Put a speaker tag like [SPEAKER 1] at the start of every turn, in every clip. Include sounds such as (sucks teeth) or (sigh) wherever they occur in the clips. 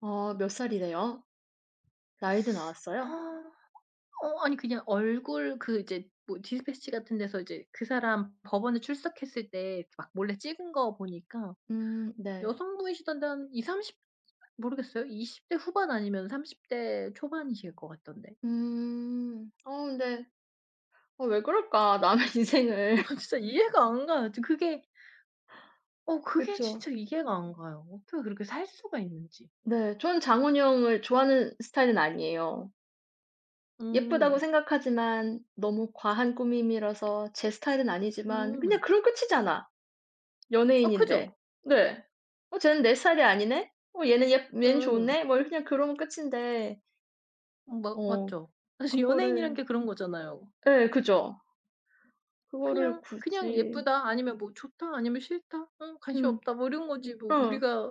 [SPEAKER 1] 어 몇 살이래요? 나이도
[SPEAKER 2] (sucks teeth)
[SPEAKER 1] 나왔어요?
[SPEAKER 2] 어 어 아니 그냥 얼굴 그 이제 뭐 디스패치 같은 데서 이제 그 사람 법원에 출석했을 때 막 몰래 찍은 거 보니까
[SPEAKER 1] 음 네.
[SPEAKER 2] 여성분이시던데 한 20-30 모르겠어요. 20 대 후반 아니면 30 대 초반이실 것 같던데.
[SPEAKER 1] 음. 어 근데 어 왜 그럴까 남의 인생을.
[SPEAKER 2] 아 진짜 이해가 안 가. 저 그게 어 그게
[SPEAKER 1] 그쵸.
[SPEAKER 2] 진짜 이해가 안 가요. 어떻게 그렇게 살 수가 있는지.
[SPEAKER 1] 네, 저는 장원영을 좋아하는 스타일은 아니에요. 예쁘다고
[SPEAKER 2] 음.
[SPEAKER 1] 생각하지만 너무 과한 꾸밈이라서 제 스타일은 아니지만 그냥
[SPEAKER 2] 음.
[SPEAKER 1] 그럼 끝이잖아
[SPEAKER 2] 아 그죠?
[SPEAKER 1] 연예인인데. 네. "어 쟤는 내 스타일이 아니네. 어 얘는 예쁘 얘는
[SPEAKER 2] 음.
[SPEAKER 1] 좋네." 뭐 이 그냥 그러면 끝인데
[SPEAKER 2] 음 마
[SPEAKER 1] 어
[SPEAKER 2] 맞죠. 사실 연예인이란
[SPEAKER 1] 그거를
[SPEAKER 2] 게 그런 거잖아요.
[SPEAKER 1] 예 그죠. 그거를
[SPEAKER 2] 그냥 그냥
[SPEAKER 1] 굳이.
[SPEAKER 2] 예쁘다, 아니면 뭐 좋다, 아니면 싫다, 어 관심
[SPEAKER 1] 음.
[SPEAKER 2] 없다 뭐 이런 거지
[SPEAKER 1] 음
[SPEAKER 2] 뭐
[SPEAKER 1] 어.
[SPEAKER 2] 우리가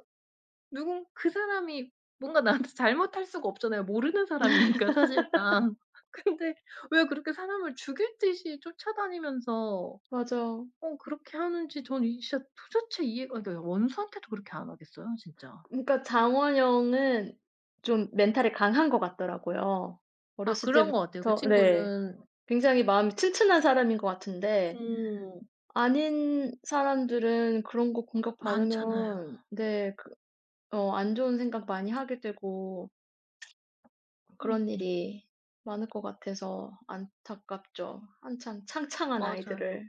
[SPEAKER 2] 누군 그 사람이 뭔가 나한테 잘못할 수가 없잖아요. 모르는 사람이니까
[SPEAKER 1] (laughs)
[SPEAKER 2] 사실상. 근데 왜 그렇게 사람을 죽일 듯이 쫓아다니면서
[SPEAKER 1] 맞아.
[SPEAKER 2] 어 그렇게 하는지 저는 이 진짜 도대체 이해가 아 그러니까요 원수한테도 그렇게 안 하겠어요, 진짜.
[SPEAKER 1] 음 그러니까 장원영은 좀 멘탈이 강한 것 같더라고요.
[SPEAKER 2] 아
[SPEAKER 1] 어렸을
[SPEAKER 2] 그런 것 같아요. 그
[SPEAKER 1] 때부터 네
[SPEAKER 2] 친구는
[SPEAKER 1] 굉장히 마음이 튼튼한 사람인 것 같은데
[SPEAKER 2] 음.
[SPEAKER 1] 아닌 사람들은 그런 거
[SPEAKER 2] 많잖아요.
[SPEAKER 1] 공격받으면 네 그 어 안 좋은 생각 많이 하게 되고 그런
[SPEAKER 2] 음음.
[SPEAKER 1] 일이 많을 것 같아서 안타깝죠. 한창 창창한
[SPEAKER 2] 맞아요.
[SPEAKER 1] 아이들을.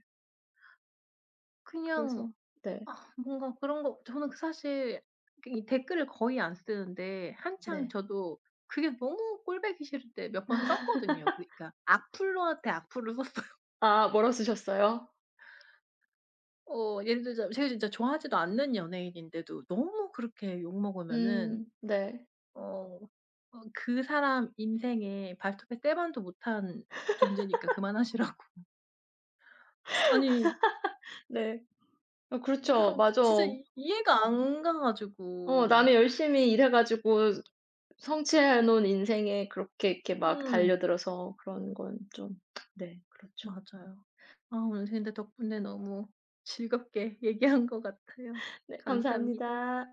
[SPEAKER 2] 그냥
[SPEAKER 1] 그래서 네.
[SPEAKER 2] 아 뭔가 그런 거 저는 그 사실 그 이 댓글을 거의 안 쓰는데 한창
[SPEAKER 1] 네.
[SPEAKER 2] 저도 그게 너무 꼴 보기 싫을 때 몇 번 썼거든요. 그러니까
[SPEAKER 1] (laughs)
[SPEAKER 2] 악플러한테 악플을 썼어요.
[SPEAKER 1] 아 뭐라고 쓰셨어요?
[SPEAKER 2] 어 예를 들자면 제가 진짜 좋아하지도 않는 연예인인데도 너무 그렇게 욕먹으면은
[SPEAKER 1] 음 네.
[SPEAKER 2] 어 어 그 사람 인생에 발톱의 때만도 못한 존재니까
[SPEAKER 1] (laughs)
[SPEAKER 2] 그만하시라고. 아니.
[SPEAKER 1] (laughs) 네. 아 그렇죠.
[SPEAKER 2] 그러니까
[SPEAKER 1] 맞아.
[SPEAKER 2] 진짜 이해가 안 가
[SPEAKER 1] 어
[SPEAKER 2] 가지고.
[SPEAKER 1] 나는 열심히 일해 가지고 성취해 놓은 인생에 그렇게 이렇게 막
[SPEAKER 2] 음.
[SPEAKER 1] 달려들어서 그런 건 좀 네 그렇죠.
[SPEAKER 2] 맞아요. 아 오늘 그런데 덕분에 너무 즐겁게 얘기한 것 같아요.
[SPEAKER 1] 네,
[SPEAKER 2] 감사합니다.
[SPEAKER 1] 감사합니다.